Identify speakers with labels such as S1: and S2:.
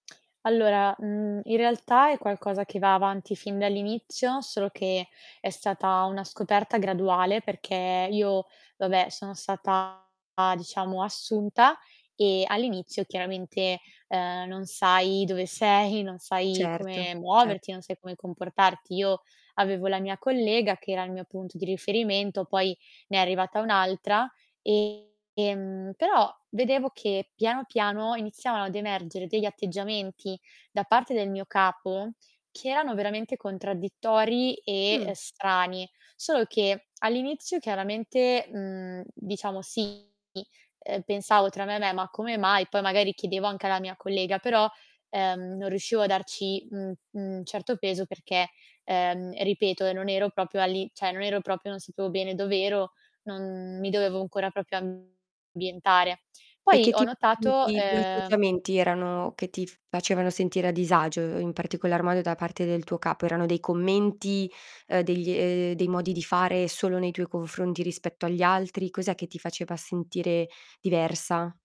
S1: Allora, mhmm, in realtà è qualcosa che va avanti fin dall'inizio, solo che è stata una scoperta graduale perché io, vabbè, sono stata, diciamo, assunta e all'inizio chiaramente, ehm, non sai dove sei, non sai
S2: Certo,
S1: come
S2: cert
S1: muoverti, non sai come comportarti. Io avevo la mia collega, che era il mio punto di riferimento, poi ne è arrivata un'altra e, ehm, però vedevo che piano piano iniziavano ad emergere degli atteggiamenti da parte del mio capo che erano veramente contraddittori
S2: Mh.
S1: e strani. Solo che all'inizio chiaramente, mhmm, diciamo, sì, ehm, pensavo tra me e me: "Ma come mai?" Poi magari chiedevo anche alla mia collega, però, ehm, non riuscivo a darci un un certo peso perché, ehm, ripeto, ehm, non ero proprio all'i cioè, non ero proprio non sapevo bene dov'ero, non mi dovevo ancora proprio ambientare.
S2: E
S1: Poi
S2: che
S1: ho
S2: tip di
S1: notato,
S2: di di
S1: ehm
S2: atteggiamenti erano che ti f facevano sentire a disagio, in particolar modo da parte del tuo capo? Erano dei commenti, ehm, degli ehm, dei modi di fare solo nei tuoi confronti rispetto agli altri? Cos'è che ti faceva sentire diversa?